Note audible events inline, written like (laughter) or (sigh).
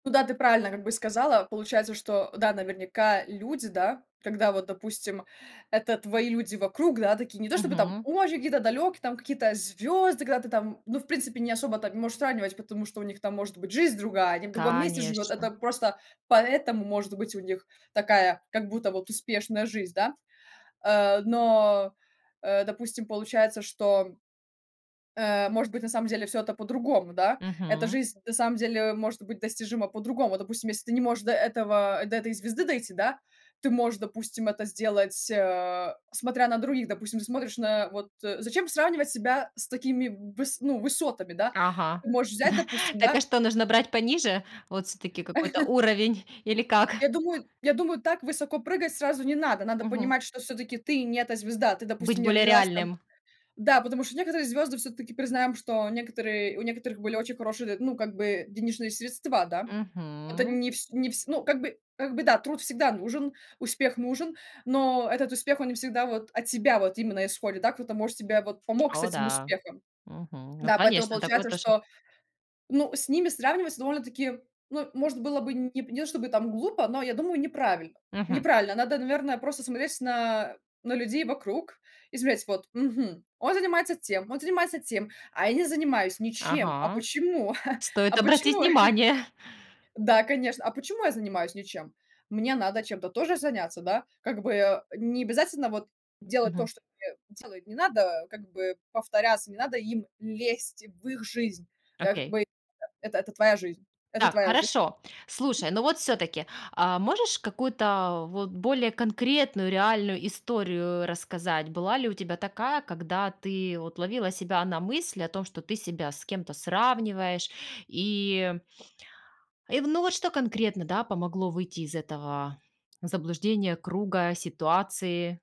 Ну да, ты правильно как бы сказала. Получается, что, да, наверняка люди, да, когда вот, допустим, это твои люди вокруг, да, такие не то чтобы там Мгм. очень какие-то далекие, какие-то звезды, когда ты там, ну, в принципе, не особо там и можешь сравнивать, потому что у них там может быть жизнь другая, они в другом месте живет. Это Конечно. просто поэтому может быть у них такая, как будто вот успешная жизнь, да? Э, но, э, допустим, получается, что, э, может быть на самом деле всё это по-другому, да? Эта Мгм. жизнь на самом деле может быть достижима по-другому. Допустим, если ты не можешь до этого до этой звезды дойти, да, ты можешь, допустим, это сделать, э, смотря на других. Допустим, ты смотришь на вот, э зачем сравнивать себя с такими выс ну, высотами, да. Ага, Ты можешь взять, да. допустим, Так да а что, нужно брать пониже? Вот всё-таки какой-то (chuckles) уровень или как? Я думаю я думаю так высоко прыгать сразу не надо. Надо Мгм. понимать, что всё-таки ты не эта звезда. Ты, Быть допустим, не более родилась там реальным. Да, потому что некоторые звезды, всё-таки признаем, что некоторые у некоторых были очень хорошие д ну как бы денежные средства, да. Это Мгм. не вс не вс ну как бы как бы да, труд всегда нужен, успех нужен, но этот успех, он не всегда вот от тебя вот именно исходит, да, кто-то может тебе вот помог с О этим да. успехом. Мгм. Ну, Да, поэтому конечно, такое получается, тоже что, ну, с ними сравнивать довольно-таки, ну, может было бы нь п не то чтобы там глупо, но я думаю, неправильно Мгм. неправильно. Надо, наверное, просто смотреть на на людей вокруг и смотреть: "Вот, мгм, он занимается тем, он занимается тем, а я не занимаюсь ничем. А Ага. почему? (chuckles) Стоит А обратить почему?" внимание. (chuckles) Да, конечно. "А почему я занимаюсь ничем? Мне надо чем-то тоже заняться, да?" Как бы, а, не обязательно вот делать то, Мгм. что тебе делают. Не надо как бы повторяться, не надо им лезть в их жизнь, э, как Окей. бы это это твоя жизнь это Так, твоя жи хорошо. Слушай, но вот всё-таки, а можешь какую-то вот более конкретную реальную историю рассказать? Была ли у тебя такая, когда ты вот ловила себя на мысли о том, что ты себя с кем-то сравниваешь и и в ну вот что конкретно, да, помогло выйти из этого заблуждения, круга, ситуации?